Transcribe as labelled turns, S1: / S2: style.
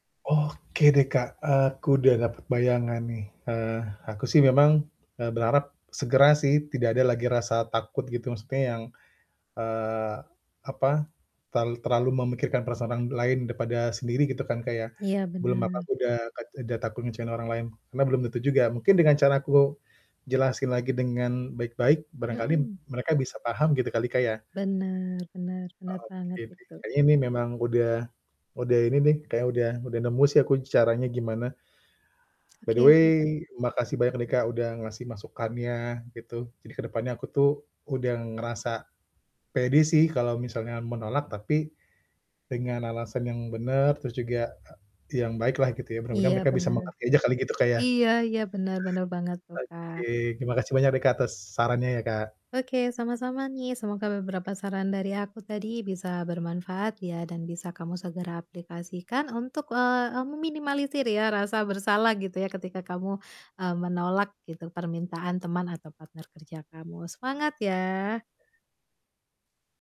S1: Oke deh, Kak, aku udah dapet bayangan nih. Eee, aku sih memang, eee, berharap segera sih, tidak ada lagi rasa takut gitu maksudnya yang, eee, apa, terlal terlalu memikirkan perasaan orang lain daripada sendiri gitu kan, Kak, ya,
S2: Iya,
S1: belum apa-apa
S2: bener.
S1: aku udah kat udah takut ngecewain orang lain, karena belum tentu juga, mungkin dengan cara aku jelasin lagi dengan baik-baik, barangkali
S2: Mhm.
S1: mereka bisa paham gitu kali, Kak, ya?
S2: Bener bener, bener
S1: Oke,
S2: banget
S1: deh,
S2: itu.
S1: kayaknya ini memang udah udah ini deh, kayaknya udah udah nemu sih caranya gimana. By the
S2: Oke
S1: way,
S2: oke, Kak.
S1: makasih banyak nih, Kak, udah ngasih masukannya gitu, jadi ke depannya aku tuh udah ngerasa pede sih kalau misalnya menolak, tapi dengan alasan yang bener, terus juga, eee, yang baik lah, gitu ya, mudah-mudahan
S2: Iya,
S1: mereka bisa
S2: bener.
S1: mengerti aja kali, gitu, Kak, ya.
S2: Iya iya, bener bener banget tuh, Kak.
S1: Oke, terima kasih banyak nih, Kak, atas sarannya ya, Kak.
S2: Oke, sama-sama nih, semoga beberapa saran dari aku tadi bisa bermanfaat ya, dan bisa kamu segera aplikasikan untuk, eee eee, meminimalisir ya, rasa bersalah gitu ya, ketika kamu, eee, menolak gitu permintaan teman atau partner kerja kamu, semangat ya!